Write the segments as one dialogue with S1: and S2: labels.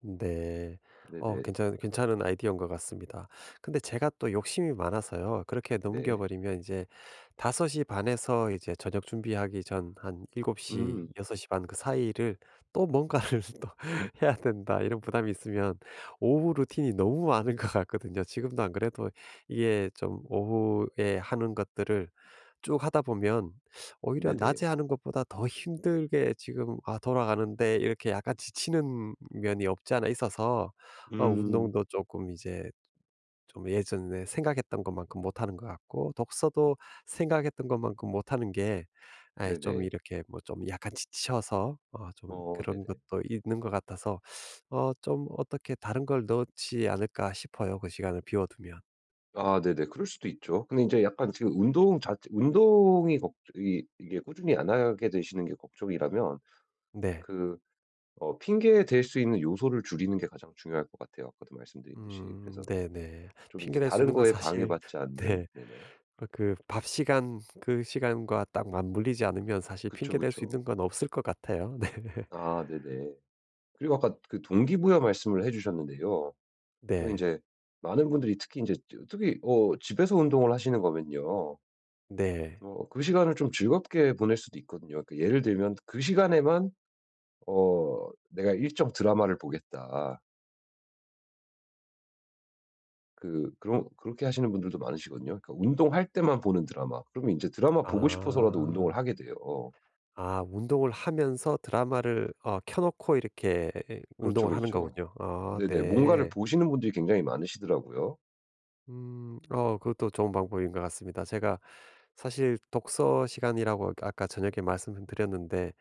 S1: 네. 어
S2: 네네.
S1: 괜찮은 괜찮은 아이디어인 것 같습니다. 근데 제가 또 욕심이 많아서요. 그렇게 넘겨
S2: 네.
S1: 버리면 인제 5:30 에서 이제 저녁 준비하기 전 한 '7:00
S2: 음.
S1: 6:30 사이를 또 뭔가를 또 해야 된다.' 이런 부담이 있으면 오후 루틴이 너무 많은 것 같거든요. 지금도 안 그래도 이게 좀 오후에 하는 것들을 쭉 하다 보면 오히려
S2: 네네.
S1: 낮에 하는 것보다 더 힘들게 지금 아 돌아가는데 이렇게 약간 지치는 면이 없지 않아 있어서 어
S2: 음.
S1: 운동도 쪼끔 이제 좀 예전에 생각했던 것만큼 못하는 것 같고 독서도 생각했던 것만큼 못 하는 게 아이 좀
S2: 네네.
S1: 이렇게 뭐 좀 약간 지쳐서 어 좀
S2: 어
S1: 그런
S2: 네네.
S1: 것도 있는 것 같아서 어 좀 어떻게 다른 걸 넣지 않을까 싶어요 그 시간을 비워 두면.
S2: 아 네네. 그럴 수도 있죠. 근데 이제 약간 지금 운동 자체 운동이 걱 이 이게 꾸준히 안 하게 되시는 게 걱정이라면
S1: 네.
S2: 그 어 핑계 댈 수 있는 요소를 줄이는 게 가장 중요할 것 같아요 아까도 말씀드렸듯이.
S1: 음
S2: 그래서
S1: 네네.
S2: 좀 이제
S1: 핑계 댈 수
S2: 다른
S1: 있는 건
S2: 것에
S1: 사실
S2: 방해받지 않는
S1: 네.
S2: 네네.
S1: 어 그 밥 시간 그 시간과 딱 맞물리지 않으면 사실
S2: 그쵸,
S1: 핑계 댈 수
S2: 그쵸.
S1: 있는 건 없을 것 같아요 네.
S2: 아 네네. 그리고 아까 그 동기부여 말씀을 해 주셨는데요. 또
S1: 네.
S2: 인제 많은 분들이 특히 인제 저 특히 어 집에서 운동을 하시는 거면요.
S1: 네.
S2: 어 그 시간을 좀 즐겁게 보낼 수도 있거든요. 그 예를 들면 그 시간에만 어 '내가 일정 드라마를 보겠다.' 그 그런 그렇게 하시는 분들도 많으시거든요. 그니까 운동할 때만 보는 드라마. 그러면 이제 드라마 보고 싶어서라도 운동을
S1: 아.
S2: 하게 돼요.
S1: 아 운동을 하면서 드라마를 어 켜 놓고 이렇게
S2: 그렇죠,
S1: 운동을 하는
S2: 그렇죠.
S1: 거군요. 아
S2: 네네. 뭔가를
S1: 네.
S2: 보시는 분들이 굉장히 많으시더라고요.
S1: 음 어 그것도 좋은 방법인 것 같습니다. 제가 사실 독서 시간이라고 아까 저녁에 말씀은 드렸는데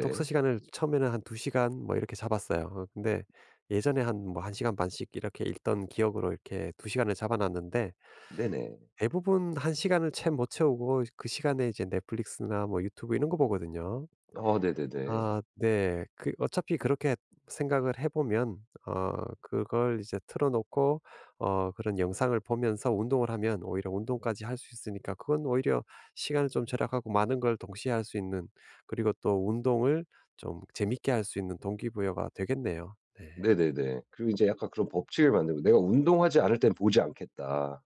S1: 독서 시간을 처음에는 한 2 시간 뭐 이렇게 잡았어요. 어 근데 예전에 한 뭐 1 시간 반씩 이렇게 읽던 기억으로 이렇게 2 시간을 잡아 놨는데
S2: 네네.
S1: 대부분 1 시간을 채 못 채우고 그 시간에 이제 넷플릭스나 뭐 유튜브 이런 거 보거든요.
S2: 아 네네네.
S1: 아 네. 그 어차피 그렇게 생각을 해 보면 어 그걸 이제 틀어 놓고 어 그런 영상을 보면서 운동을 하면 오히려 운동까지 할 수 있으니까 그건 오히려 시간을 좀 절약하고 많은 걸 동시에 할 수 있는 그리고 또 운동을 좀 재밌게 할 수 있는 동기부여가 되겠네요. 네.
S2: 네네네. 그리고 이제 약간 그런 법칙을 만들고 '내가 운동하지 않을 땐 보지 않겠다.'